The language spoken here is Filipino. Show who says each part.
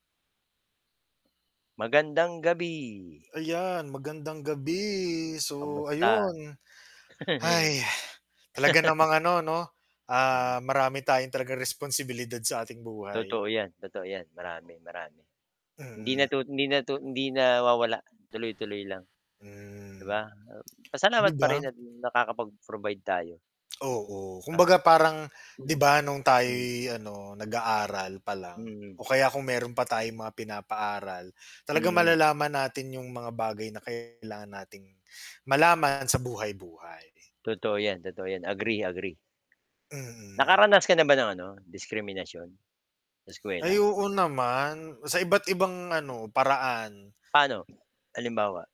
Speaker 1: Magandang gabi.
Speaker 2: Ayan, magandang gabi. So,
Speaker 1: Kamusta?
Speaker 2: ayun. Talaga namang ano 'no,
Speaker 1: Hmm.
Speaker 2: ah, marami tayong talagang responsibilidad sa ating buhay.
Speaker 1: Totoo 'yan, totoo 'yan, marami, marami. Hindi
Speaker 2: Mm.
Speaker 1: natu hindi natu hindi nawawala, tuloy-tuloy lang, 'di
Speaker 2: Hmm.
Speaker 1: ba?
Speaker 2: 'Di
Speaker 1: Pasalamat pa
Speaker 2: ba?
Speaker 1: rin at nakakapag-provide tayo.
Speaker 2: Oo.
Speaker 1: Ah,
Speaker 2: Kumbaga parang 'di
Speaker 1: hmm.
Speaker 2: ba nung
Speaker 1: Hmm.
Speaker 2: tayo'y ano, nag-aaral pa lang
Speaker 1: Mm.
Speaker 2: o kaya kung meron pa tayong mga pinapaaral, talagang
Speaker 1: Mm.
Speaker 2: malalaman natin yung mga bagay na kailangan nating malaman sa buhay-buhay.
Speaker 1: Totoo 'yan, totoo 'yan. Agree, agree.
Speaker 2: Mm.
Speaker 1: Nakaranas ka na ba ng ano, diskriminasyon sa
Speaker 2: Ay
Speaker 1: eskuwela?
Speaker 2: oo naman. Sa iba't ibang ano, paraan.
Speaker 1: Pa'no, halimbawa?